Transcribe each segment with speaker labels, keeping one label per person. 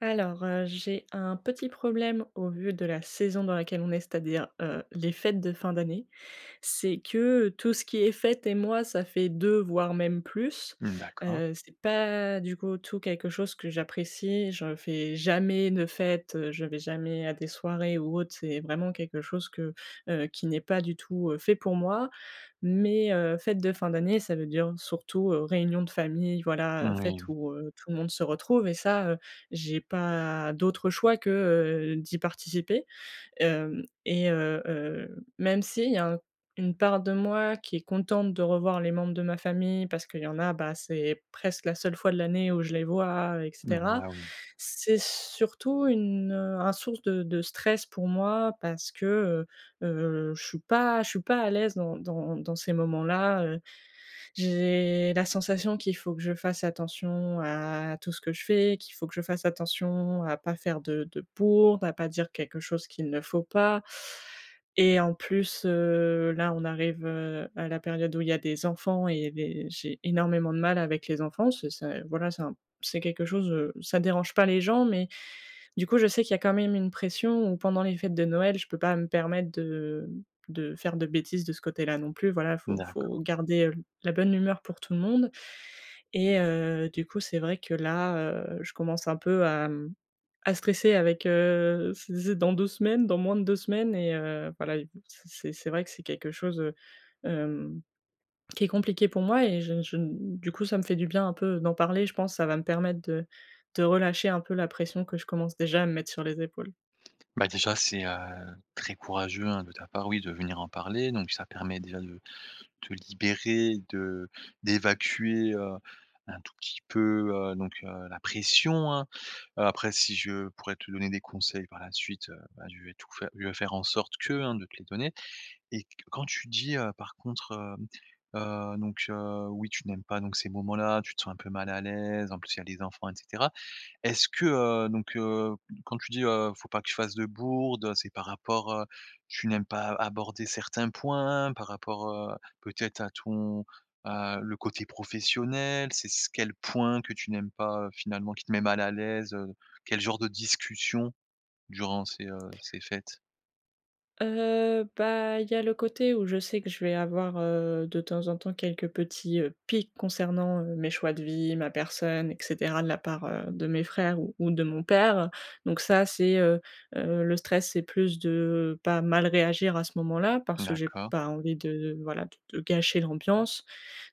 Speaker 1: Alors, heu, j'ai un petit problème au vu de la saison dans laquelle on est, c'est-à-dire, heu, les fêtes de fin d'année: c'est que, heu, tout ce qui est fête et moi ça fait 2 voire même plus.
Speaker 2: Mmh, d'accord.
Speaker 1: Heu, c'est pas du coup tout quelque chose que j'apprécie, je fais jamais de fête, heu, je vais jamais à des soirées ou autre, c'est vraiment quelque chose que, heu, qui n'est pas du tout, heu, fait pour moi. Mais, heu, fêtes de fin d'année ça veut dire surtout, heu, réunion de famille, voilà, heu, fête
Speaker 2: Moui.
Speaker 1: où, heu, tout le monde se retrouve et ça, heu, j'ai pas d'autre choix que, heu, d'y participer. Hem, et heu, heu, même s'il y a un une part de moi qui est contente de revoir les membres de ma famille parce qu'il y en a, bah, c'est presque la seule fois de l'année où je les vois et
Speaker 2: Mmh,
Speaker 1: cetera,
Speaker 2: bah oui.
Speaker 1: c'est surtout une, heu, un source de de stress pour moi parce que, heu, heu, je suis pas je suis pas à l'aise dans dans dans ces moments-là, heu. J'ai la sensation qu'il faut que je fasse attention à tout ce que je fais, qu'il faut que je fasse attention à pas faire de de bourde, à pas dire quelque chose qu'il ne faut pas et en plus, heu, là on arrive, heu, à la période où il y a des enfants et des j'ai énormément de mal avec les enfants. Ce c'est, voilà, c'est un p c'est quelque chose, heu, ça dérange pas les gens, mais du coup je sais qu'il y a quand même une pression où pendant les fêtes de Noël, je peux pas me permettre de de faire de bêtises de ce côté-là non plus. Voilà, faut faut
Speaker 2: D'accord.
Speaker 1: garder, heu, l la bonne humeur pour tout le monde et heu, du coup c'est vrai que là, heu, je commence un peu à, mmh, à stresser avec, heu c'est c'est dans 2 semaines, dans moins de 2 semaines et heu, voilà et v c c'est vrai que c'est quelque chose, heu, hem, qui est compliqué pour moi et je n je n du coup ça me fait du bien un peu d'en parler. Je pense ça va me permettre de de relâcher un peu la pression que je commence déjà à me mettre sur les épaules.
Speaker 2: Bah, déjà, c'est, heu, très courageux hein, de ta part oui, de venir en parler. Donc ça permet déjà de te libérer, de d'évacuer, heu, un tout petit peu, heu, donc, heu, la pression, hein. Heu, après si je pourrais te donner des conseils par la suite, heu, bah je vais tout fai je vais faire en sorte que, hein, de te les donner, et q quand tu dis, heu, par contre, hem, heu, donc heu, oui tu n'aimes pas donc ces moments-là, tu te sens un peu mal à l'aise, en plus il y a des enfants et cetera, est-ce que, heu, donc heu, m quand tu dis heu: «Faut pas que je fasse de bourdes», heu, c'est par rapport, heu tu n'aimes pas a aborder certains points? Par rapport, heu, peut-être à ton à le côté professionnel? C'est c quel point que tu n'aimes pas, heu, finalement, qui te met mal à l'aise, heu? Quel genre de discussions durant ces, heu, ces fêtes?
Speaker 1: Heu, bah, il y a le côté où je sais que je vais avoir, heu, de temps en temps, quelques petits, heu, piques concernant, heu, mes choix de vie, ma personne et cetera de la part, heu, de mes frères ou ou de mon père. Donc, ça, c'est, heu heu le stress, c'est plus de pas mal réagir à ce moment-là parce que j'ai
Speaker 2: D'accord.
Speaker 1: pas envie de, voilà, de de gâcher l'ambiance.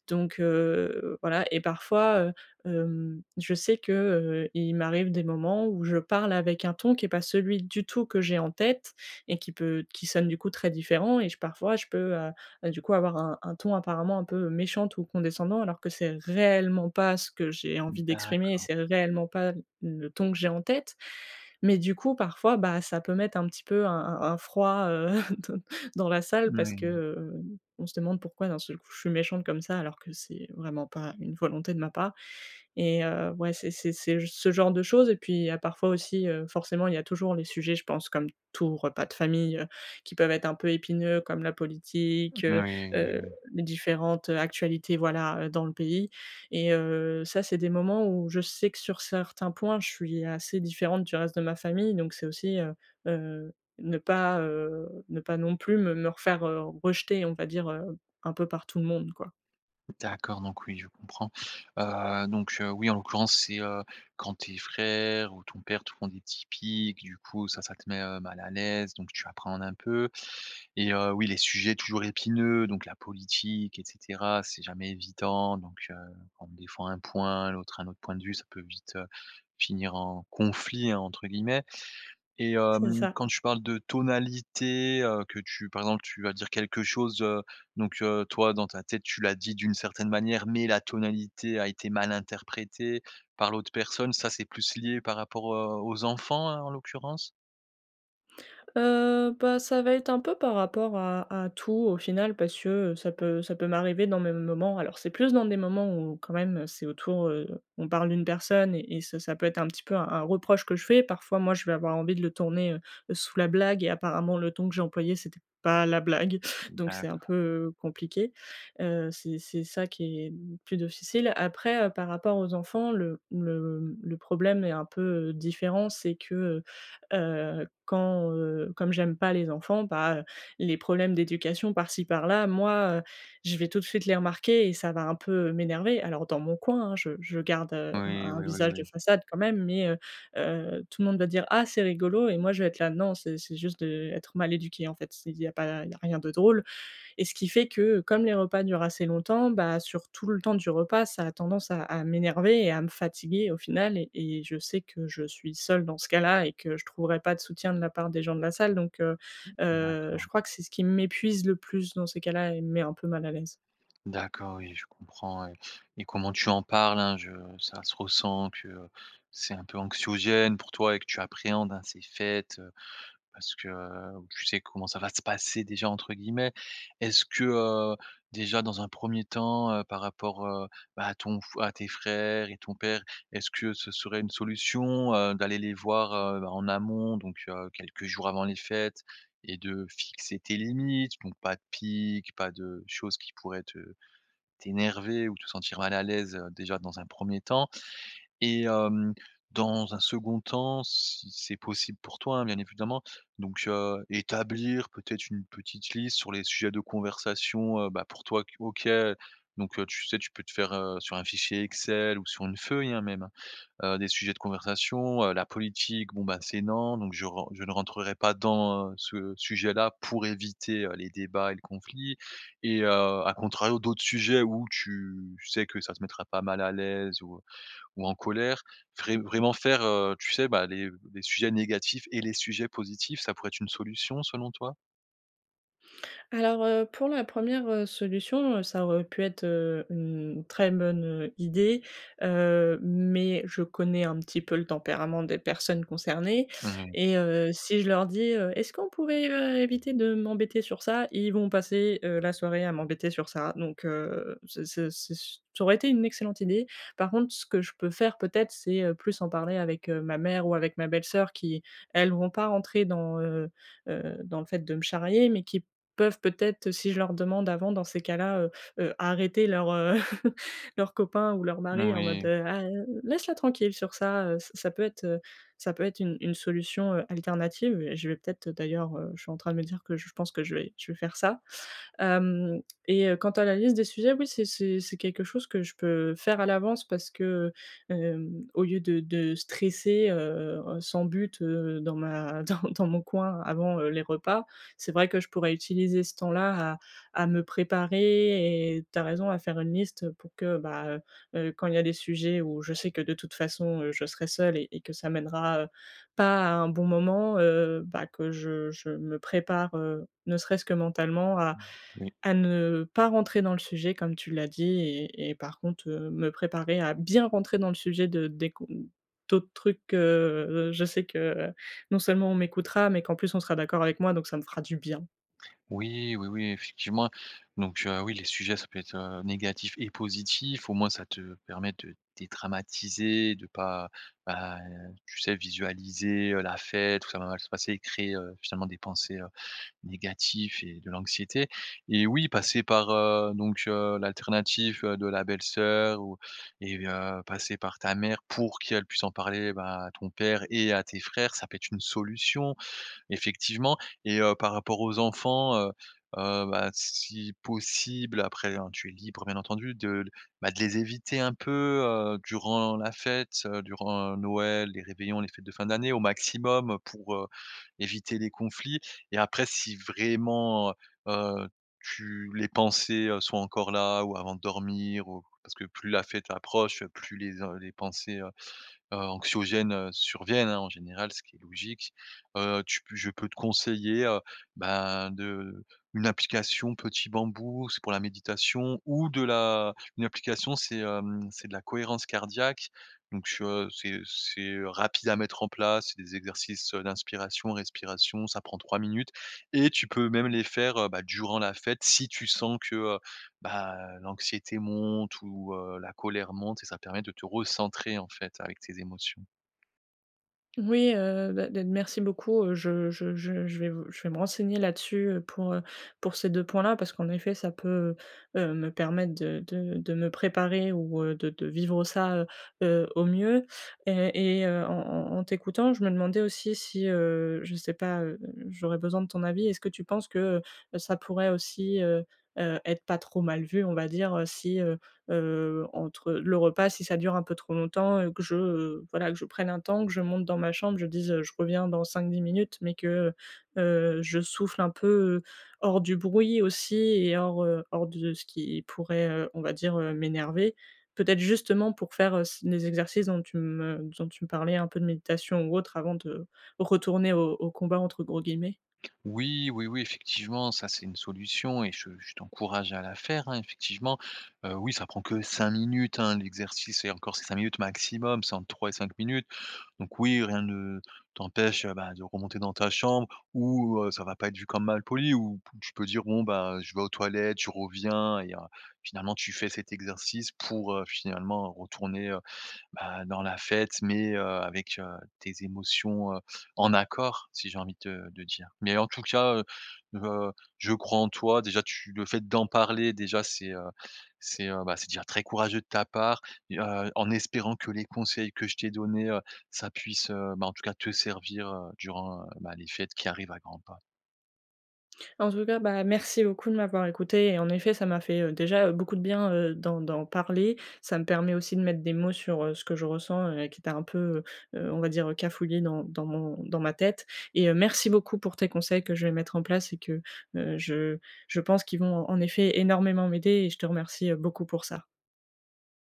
Speaker 1: Donc, heu, voilà, et parfois, heu, hem, je sais que, heu, il m'arrive des moments où je parle avec un ton qui est pas celui du tout que j'ai en tête et qui peut qui sonne du coup très différent, et j parfois, je peux, heu heu, du coup, avoir un un ton, apparemment, un peu méchante ou condescendant alors que c'est réellement pas ce que j'ai envie d'exprimer et
Speaker 2: D'accord.
Speaker 1: c'est réellement pas le ton que j'ai en tête. Mais, du coup, parfois, bah, ça peut mettre un petit peu un un un froid, heu, dans la salle parce que,
Speaker 2: Oui.
Speaker 1: heu, on se demande pourquoi d'un seul coup, je suis méchante comme ça, alors que c'est vraiment pas une volonté de ma part et heu, ouais, c'est c'est c'est ce genre de choses et puis, il y a parfois aussi, heu, forcément, il y a toujours les sujets, je pense comme tout repas de famille, heu, qui peuvent être un peu épineux comme la politique, heu
Speaker 2: Oui, moui,
Speaker 1: heu,
Speaker 2: moui.
Speaker 1: les différentes actualités, voilà, heu, dans le pays et heu, ça, c'est des moments où je sais, que sur certains points, je suis assez différente du reste de ma famille. Donc c'est aussi, heu heu, ne pas, heu, ne pas non plus me me refaire, heu, rejeter, on va dire, heu, un peu par tout le monde, quoi.
Speaker 2: D'accord, donc oui je comprends. Heu, donc heu, oui en l'occurrence c'est, heu, quand tes frères ou ton père te font des petits piques, du coup ça ça te met mal, heu, à l'aise, donc tu appréhendes un peu et heu, oui les sujets toujours épineux, donc la politique et cetera, c'est jamais évident, donc heu. Bon des fois un point l'autre a un autre point de vue, ça peut vite finir «en conflit» entre guillemets et
Speaker 1: C'est
Speaker 2: hem,
Speaker 1: ça.
Speaker 2: quand tu parles de tonalité, heu, que tu par exemple, tu vas dire quelque chose, heu, donc heu, toi dans ta tête, tu l'as dit d'une certaine manière, mais la tonalité a été mal interprétée par l'autre personne, ça, c'est plus lié par rapport, heu, aux enfants hein, en l'occurrence?
Speaker 1: Heu, bah ça va être un peu par rapport à à tout au final, parce que ça peut ça peut m'arriver dans mes m moments. Alors c'est plus dans des moments où, quand même c'est autour, heu, on parle d'une personne et et ça ça peut être un petit peu un un reproche que je fais, parfois moi, je vais avoir envie de le tourner, heu, sous la blague et apparemment le ton que j'ai employé, c'était pas la blague. Donc heu, c'est un
Speaker 2: D'accord.
Speaker 1: peu compliqué, heu, c'est c'est ça, qui est plus difficile. Après, heu, par rapport aux enfants le le le problème est un peu différent, c'est que, heu, quand, heu, comme j'aime pas les enfants, bah, les problèmes d'éducation par-ci, par-là, moi je vais tout de suite les remarquer et ça va un peu m'énerver. Alors dans mon coin, hein, je je garde, heu, un
Speaker 2: Oui,
Speaker 1: un
Speaker 2: oui oui
Speaker 1: visage de
Speaker 2: oui.
Speaker 1: façade quand même, mais, heu, heu, tout le monde va dire: «Ah c'est rigolo» et moi je vais être là: «Non, c'est c'est juste de être mal éduqué en fait, c'est il y a pas il y a rien de drôle» et ce qui fait que, comme les repas durent assez longtemps, bah, sur tout le temps du repas ça a tendance à à m'énerver et à me fatiguer au final. Et et je sais que je suis seule dans ce cas-là et que je trouverai pas de soutien de la part des gens de la salle, donc heu,
Speaker 2: Mmh
Speaker 1: heu, je
Speaker 2: d'accord.
Speaker 1: crois que c'est ce qui m'épuise le plus dans ces cas-là et me met un peu mal à l'aise.
Speaker 2: D'accord, oui je comprends et et comment tu en parles, hein, je ça se ressent que, c'est un peu anxiogène pour toi et que tu appréhendes, hein, ces fêtes parce que, heu, tu sais comment ça va se «passer» déjà entre guillemets. Est-ce que, heu, déjà dans un 1er temps, heu, par rapport, heu, bah à ton f à tes frères et ton père, est-ce que ce serait une solution, heu, d'aller les voir, heu, en amont donc heu, quelques jours avant les fêtes et de fixer tes limites? Donc pas de pique, pas de choses qui pourraient te t'énerver ou te sentir mal à l'aise, déjà, dans un 1er temps. Et hem, dans un 2nd temps, si c'est possible pour toi, hein, bien évidemment. Donc heu, établir peut-être une petite liste sur les sujets de conversation, heu, bah, pour toi que OK, donc heu, tu sais, tu peux te faire, heu, sur un fichier Excel ou sur une feuille, hein, même, heu, des sujets de conversation, heu, la politique bon, bah, c'est non, donc je ren je ne rentrerai pas dans, ce sujet-là pour éviter, heu, les débats et le conflit et heu, à contrario, d'autres sujets, où tu sais que ça te mettra pas mal à l'aise ou ou en colère, vrai vraiment faire, heu, tu sais, bah, les les sujets négatifs et les sujets positifs, ça pourrait être une solution, selon toi?
Speaker 1: Alors, heu, pour la 1re, heu, solution, ça aurait pu être, heu, u une très bonne, heu, idée, heu, mais je connais un petit peu le tempérament des personnes concernées
Speaker 2: [unintelligible]
Speaker 1: et heu, si je leur dis, heu: «Est-ce qu'on pourrait, heu, éviter de m'embêter sur ça?», ils vont passer, heu, la soirée à m'embêter sur ça donc heu, c'est c'est c'est su ça aurait été une excellente idée. Par contre ce que je peux faire, peut-être, c'est, heu, plus en parler avec, heu, ma mère ou avec ma belle-sœur qui, elles, vont pas rentrer dans, heu heu, dans le fait de me charrier mais qui peuvent peut-être, si je leur demande avant, dans ces cas-là, heu, arrêter leurs, heu, leurs copains ou leurs maris en mode:
Speaker 2: Moui.
Speaker 1: «Ah, laisse-la tranquille sur ça», ça ça peut être heu, ça peut être une une solution, heu, alternative et je vais peut-être, d'ailleurs heu, je suis en train de me dire que j je pense que je vais je vais faire ça. Hem et heu, quant à la liste des sujets, oui, c'est c'est c'est quelque chose que je peux faire à l'avance parce que, heu hem, au lieu de de stresser, heu heu, sans but, heu, dans ma dans dans mon coin, avant, heu, les repas, c'est vrai que je pourrais utiliser ce temps-là à à me préparer et tu as raison, à faire une liste pour que, bah heu heu, quand il y a les sujets où je sais que, de toute façon, heu, je serai seule et et que ça mènera, heu, pas à un bon moment, heu, bah, que je je me prépare, heu, ne serait-ce que mentalement à
Speaker 2: Mmh, Oui.
Speaker 1: à ne pas rentrer dans le sujet, comme tu l'as dit et et par contre, heu, me préparer à bien rentrer dans le sujet de des qu'on d'autres trucs que, heu, je sais que, heu, non seulement on m'écoutera, mais qu'en plus, on sera d'accord avec moi donc ça me fera du bien.
Speaker 2: Oui, oui, oui, effectivement donc heu, oui, les sujets, ça peut être, heu, négatif et positif. Au moins, ça te permet de dédramatiser, de pas, bah, tu sais, visualiser, heu, la fête, tout ça va mal se passer et créer, heu, finalement, des pensées, heu, négatifs et de l'anxiété et oui, passer par, heu, donc heu, l'alternative de la belle-sœur ou et heu, passer par ta mère pour qu'elle puisse en parler, ben, à ton père et à tes frères. Ça peut être une solution, effectivement et heu, par rapport aux enfants, heu heu, bah, si possible- après, hein, tu es libre, bien entendu- de, bah, de les éviter un peu, heu, durant la fête, heu, durant Noël, les réveillons, les fêtes de fin d'année au maximum pour, heu, éviter les conflits et après si vraiment, heu, tu les pensées sont encore là ou avant de dormir ou parce que plus la fête approche, plus les en les pensées, heu heu, anxiogènes, heu, surviennent hein, en général, ce qui est logique. Heu, tu p je peux te conseiller, heu, ben, de une application Petit Bambou. C'est pour la méditation ou de la une application, c'est, hem, c'est de la cohérence cardiaque donc heu, c'est c'est rapide à mettre en place. C'est des exercices, heu, d'inspiration, respiration. Ça prend 3 minutes et tu peux même les faire, heu, bah, durant la fête si tu sens que, heu, ben, heu, l'anxiété monte ou heu, la colère monte et ça permet de te recentrer, en fait, avec tes émotions.
Speaker 1: Oui, heu, beh, de merci beaucoup, heu, je je je je vais v je vais me renseigner là-dessus, heu, pour, heu pour ces 2 points-là. Parce qu'en effet ça peut, heu heu, me permettre de de de me préparer ou, heu, de de vivre ça, heu heu, au mieux et et heu, en en en t'écoutant, je me demandais aussi si, heu je sais pas, heu, j'aurais besoin de ton avis: est-ce que tu penses que, heu heu, ça pourrait aussi, heu heu, être pas trop mal vu, on va dire, heu, si heu heu, entre le repas si ça dure un peu trop longtemps et que je, heu voilà que je prenne un temps, que je monte dans ma chambre, je dise, heu: «Je reviens dans 5-10 minutes», mais que, heu heu, je souffle un peu, heu, hors du bruit aussi et hors, heu, hors de ce qui pourrait, heu, on va dire, heu, m'énerver. Peut-être justement pour faire, heu, s les exercices dont tu me dont tu me parlais, un peu de méditation ou autre avant de retourner au au «combat», entre gros guillemets?
Speaker 2: Oui, oui, oui effectivement, ça c'est une solution et je je t'encourage à la faire, hein, effectivement. Heu, oui, ça prend que 5 minutes, hein, l'exercice et encore c'est 5 minutes maximum, c'est entre 3 et 5 minutes. Donc oui, rien ne t'empêche, heu, bah de remonter dans ta chambre où, heu, ça va pas être vu comme malpoli, où pou tu peux dire: «Bon, ben, je vais aux toilettes, je reviens» et heu, finalement tu fais cet exercice pour, heu, finalement retourner, heu, bah dans la fête, mais heu, avec, heu, tes émotions, heu, en accord, si j'ai envie de te de dire, mais en tout cas, heu heu, je crois en toi déjà, tu le fait d'en parler déjà, c'est, heu c'est, heu bah c'est déjà très courageux de ta part et heu, en espérant que les conseils que je t'ai donnés, heu, ça puisse, heu, bah en tout cas te servir, heu, durant, bah, les fêtes qui arrivent à grands pas.
Speaker 1: En tout cas, bah merci beaucoup de m'avoir écoutée et en effet ça m'a fait, heu, déjà, heu, beaucoup de bien, heu, d'en d'en parler. Ça me permet aussi de mettre des mots sur, heu, ce que je ressens et qui était un peu, heu heu, on va dire, heu, cafouillé dans dans mon dans ma tête et heu, merci beaucoup pour tes conseils que je vais mettre en place et que, heu, je je pense qui vont en effet énormément m'aider et je te remercie, heu, beaucoup pour ça.